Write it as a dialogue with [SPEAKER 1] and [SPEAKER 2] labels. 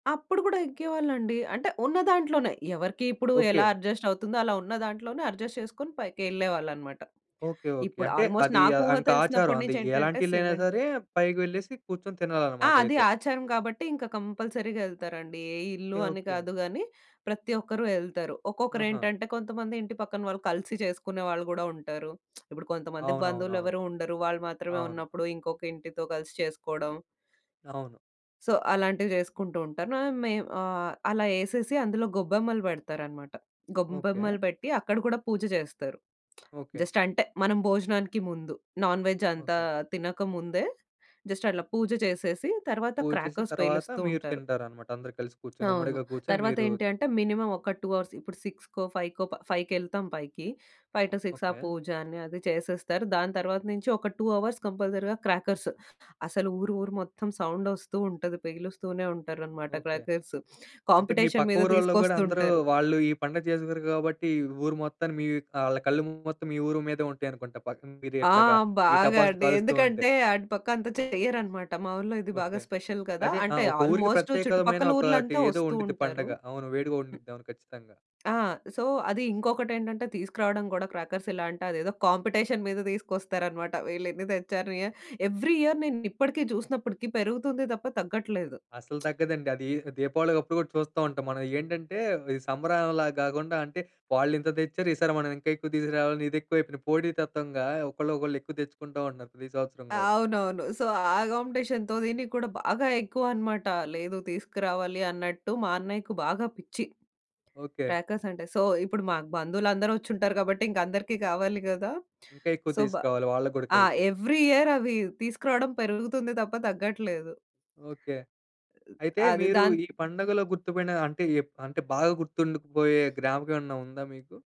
[SPEAKER 1] అప్పుడు కూడా యెక్కేవాళ్ళండి, అంటే ఉన్నదాంట్లోనే. ఎవరికి ఇప్పుడు ఎలా
[SPEAKER 2] ఓకే.
[SPEAKER 1] అడ్జస్టవుతుందో, అలా ఉన్న దాంట్లోనే అడ్జస్ట్ చేసుకొని పైకెళ్ళేవాళ్ళన్నమాట.
[SPEAKER 2] ఓకే. ఓకే.
[SPEAKER 1] ఇప్పుడు
[SPEAKER 2] అంటే,
[SPEAKER 1] ఆల్మోస్ట్
[SPEAKER 2] అది ఆహ్,
[SPEAKER 1] నాకూహ
[SPEAKER 2] ఇంకాచారం
[SPEAKER 1] తెలిసినప్పటి
[SPEAKER 2] అది.
[SPEAKER 1] నుంచేంటంటే
[SPEAKER 2] ఎలాంటిళ్లయినా
[SPEAKER 1] సిమెంట్
[SPEAKER 2] సరే, పైకి వెళ్ళేసి కూర్చొని
[SPEAKER 1] ఆ! అది
[SPEAKER 2] తినాలనమాటయితే.
[SPEAKER 1] ఆచారం గాబట్టి, ఇంకా కంపల్సరీగా యెళ్తారండి. ఏ
[SPEAKER 2] ఓకే.
[SPEAKER 1] ఇళ్ళు అని
[SPEAKER 2] ఓకే.
[SPEAKER 1] కాదు గానీ, ప్రతి ఒక్కరు యెళ్తారు.
[SPEAKER 2] ఆహా!
[SPEAKER 1] ఒక్కొక్కరేంటంటే, కొంతమంది ఇంటి పక్కన వాళ్ళు కలిసి చేసుకునే వాళ్ళు గూడా ఉంటారు. ఇప్పుడు కొంతమందికి
[SPEAKER 2] అవునవునవును.
[SPEAKER 1] బంధువులెవ్వరూ ఉండరు, వాళ్ళు మాత్రమే
[SPEAKER 2] అవును.
[SPEAKER 1] ఉన్నప్పుడు, ఇంకొకింటితో కలిసి చేసుకోడం.
[SPEAKER 2] అవును.
[SPEAKER 1] సో, అలాంటివి జేసుకుంటూంటాను. నా మేమ్ ఆహ్, అలా ఎసేసి అందులో గొబ్బెమ్మలు బెడతారనమాట.
[SPEAKER 2] ఓకే.
[SPEAKER 1] గొబ్బెమ్మలు బెట్టి, అక్కడ కూడా పూజ జేస్తారు.
[SPEAKER 2] ఓకే.
[SPEAKER 1] జస్టంటే, మనం భోజనానికి ముందు, నాన్ వెజ్ అంతా
[SPEAKER 2] ఓకే.
[SPEAKER 1] తినక ముందే, జస్టట్లా పూజ చేసేసి, తరవాత
[SPEAKER 2] పూజ చేసి,
[SPEAKER 1] క్రాకర్స్
[SPEAKER 2] తర్వాత
[SPEAKER 1] పేలుస్తూ
[SPEAKER 2] మీరు
[SPEAKER 1] ఉంటారు.
[SPEAKER 2] తింటారనమాట. అందరూ కలిసి కూర్చొని,
[SPEAKER 1] అవును.
[SPEAKER 2] ఉమ్మడిగా కూర్చొని మీరూ
[SPEAKER 1] తర్వాతేంటి అంటే, మినిమం ఒక 2 అవర్స్ ఇప్పుడు సిక్స్‌కో, ఫైవ్‌కో ప ఫైవ్‌కెళ్తాం పైకి. 5 టూ 6 అ
[SPEAKER 2] ఓకే.
[SPEAKER 1] పూజ అని, అదీ చేసేస్తారు. దాని తర్వాత నుంచి ఒక 2 అవర్స్ కంపల్సరీగా క్రాకర్స్ అసలు ఊరు ఊరు మొత్తం సౌండొస్తూ ఉంటది. పెలుస్తూనే ఉంటారనమాట
[SPEAKER 2] ఓకే.
[SPEAKER 1] క్రాకర్స్.
[SPEAKER 2] అంటే, మీ
[SPEAKER 1] కాంపిటేషన్
[SPEAKER 2] పక్క
[SPEAKER 1] మీద
[SPEAKER 2] ఊరోళ్ళో గూడా అందరూ
[SPEAKER 1] తీసుకొస్తుంటారు.
[SPEAKER 2] వాళ్ళు ఈ పండగ జేసుకోరు గాబట్టి, ఈ ఊరు మొత్తాన్ని మీ ఆళ్ళ కళ్ళు మొత్తం, మీ ఊరు మీదే ఉంటాయనుకుంట. పక్కన మీరు
[SPEAKER 1] ఆ!
[SPEAKER 2] ఎట్లగా ఈ
[SPEAKER 1] బాగా
[SPEAKER 2] టపాసులు
[SPEAKER 1] అండి.
[SPEAKER 2] కాలుస్తూ ఉంటే.
[SPEAKER 1] ఎందుకంటే, అటు పక్కంత చెయ్యరన్నమాట. మా ఊర్లో ఇది బాగా
[SPEAKER 2] ఓకే.
[SPEAKER 1] స్పెషల్ కదా!
[SPEAKER 2] అదే. ఆ
[SPEAKER 1] అంటే
[SPEAKER 2] ఒక ఊరికి
[SPEAKER 1] ఆల్మోస్టు
[SPEAKER 2] ప్రత్యేకమైన
[SPEAKER 1] చుట్టుపక్కల
[SPEAKER 2] ఒకాటి
[SPEAKER 1] ఊర్లంతా
[SPEAKER 2] ఏదో
[SPEAKER 1] ఒస్తూ
[SPEAKER 2] ఉండిద్ది
[SPEAKER 1] ఉంటారు.
[SPEAKER 2] పండగ. అవును వేడుగ
[SPEAKER 1] హ్మ్.
[SPEAKER 2] ఉండిద్దవును ఖచ్చితంగా.
[SPEAKER 1] ఆ! సో, అది ఇంకొకటేంటంటే, తీసుకురాడం గుడా క్రాకర్సెలా అంటే, అదేదో కాంపిటేషన్ మీద దీసుకొస్తారనమాట. వీళ్ళేన్ని తెచ్చారు, యాహ్, ఎవ్రి ఇయర్ నేనిప్పడికీ, జూసినప్పడికీ పెరుగుతుంది తప్ప తగ్గట్లేదు.
[SPEAKER 2] అసలు తగ్గదండదీ. దీపావళికి అప్పుడు గూడా చూస్తా ఉంటాం మనం. ఏంటంటే, ఈ సంబారాలలాగా గాకుండా అంటే, వాళ్ళింత తెచ్చారు, ఈసారి మనం ఇంకా ఎక్కువ తీసుకురావాలని ఇదెక్కువయిపోయింది. పోటీ తత్వంగా, ఒకళ్ళోకళ్ళు ఎక్కువ తెచ్చుకుంటా ఉంటన్నారు, ప్రతి సంవత్సరం గూడా.
[SPEAKER 1] అవునవును. సో, ఆ కాంపిటేషన్‌తో దీనిక్కూడా బాగా ఎక్కువన్నమాట. లేదు తీసుకురావాలి అన్నట్టు, మా అన్నయ్యకి బాగా పిచ్చి
[SPEAKER 2] ఓకే.
[SPEAKER 1] క్రాకర్సంటే. సో, ఇప్పుడు మాకు బంధువులందరూ వచ్చుంటారు గాబట్టింకందరికీ కావాలి కదా!
[SPEAKER 2] ఇంకా ఎక్కువ
[SPEAKER 1] సో, బా
[SPEAKER 2] తీసుకోవాలి, వాళ్ళకి గూడా
[SPEAKER 1] ఆ!
[SPEAKER 2] కలిపి.
[SPEAKER 1] ఎవ్రి ఇయర్ అవి తీసుకురాడం పెరుగుతుంది తప్ప, తగ్గట్లేదు.
[SPEAKER 2] ఓకే. అయితే,
[SPEAKER 1] అది.
[SPEAKER 2] మీరు
[SPEAKER 1] దాన్
[SPEAKER 2] ఈ పండగలో గుర్తు బడిన అంటే, ఎప్ అంటే బాగా గుర్తుండుకుబోయే జ్ఞాపకమేమన్నా ఉందా మీకు?